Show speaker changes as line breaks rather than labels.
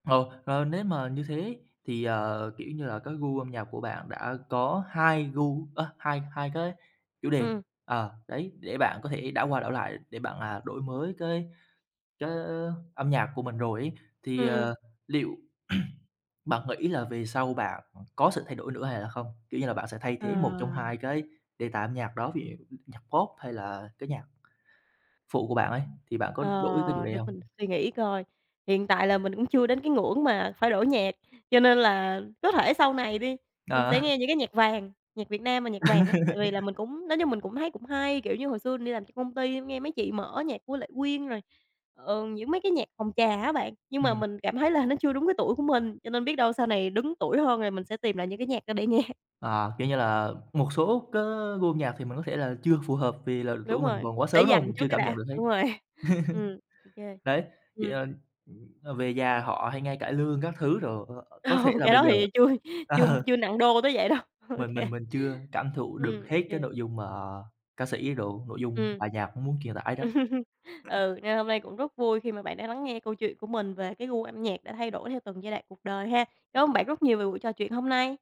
Ồ, ờ, nếu mà như thế thì, ờ, kiểu như là, cái gu âm nhạc của bạn đã có hai gu ơ, hai hai cái chủ đề,
Ừm.
ờ đấy, để bạn có thể đảo qua đảo lại, để bạn, à, đổi mới cái cái âm nhạc của mình rồi ấy. Thì,
Ừm, ừm.
ờ, liệu bạn nghĩ là về sau bạn có sự thay đổi nữa, hay là không? Kiểu như là, bạn sẽ thay thế một trong
Ờ.
hai cái đề tài âm nhạc đó, ví dụ như nhạc pop hay là cái nhạc phụ của bạn ấy, thì bạn có đổi cái chủ
Ờ,
đề
để
hông?
mình suy nghĩ coi, hiện tại là mình cũng chưa đến cái ngưỡng mà phải đổi nhạc. Cho nên là, có thể sau này đi, mình sẽ
Ờ.
nghe những cái nhạc vàng, nhạc Việt Nam mà nhạc vàng á. Tại vì là mình cũng nói chung, mình cũng thấy cũng hay, kiểu, như hồi xưa mình đi làm cho công ty nghe mấy chị mở nhạc của Lệ Quyên, rồi, ờ, những mấy cái nhạc phòng trà á bạn. Nhưng mà
Ừm.
mình cảm thấy là nó chưa đúng cái tuổi của mình, cho nên biết đâu sau này đứng tuổi hơn, rồi mình sẽ tìm lại những cái nhạc đó để nghe.
À, kiểu như là, một số cái gu âm nhạc thì mình có thể là chưa phù hợp, vì là
Đúng
tuổi mình
rồi,
còn quá
để
sớm, đúng hông?
dành
Mình
trước
chưa
cái
cảm nhận
đã.
được hết.
Đúng rồi. Ừm, OK,
Đấy, thì,
ừm.
à, ừm, ờ, về già họ hay nghe cải lương các thứ đồ, ờ, ơ, có thể
Ồ,
là
cái
bây
đó
giờ
thì chui chưa
ờ.
chưa nặng đô tới vậy đâu.
Mình
OK.
mình mình chưa cảm thụ được
Ừm,
hết cái
OK.
nội dung mà ca sĩ đồ nội dung
Ừm.
bài nhạc nó muốn truyền tải
Ừm,
đó.
ừ, nên hôm nay cũng rất vui khi mà bạn đã lắng nghe câu chuyện của mình về cái gu âm nhạc đã thay đổi theo từng giai đoạn cuộc đời ha. Cám ơn bạn rất nhiều về buổi trò chuyện hôm nay.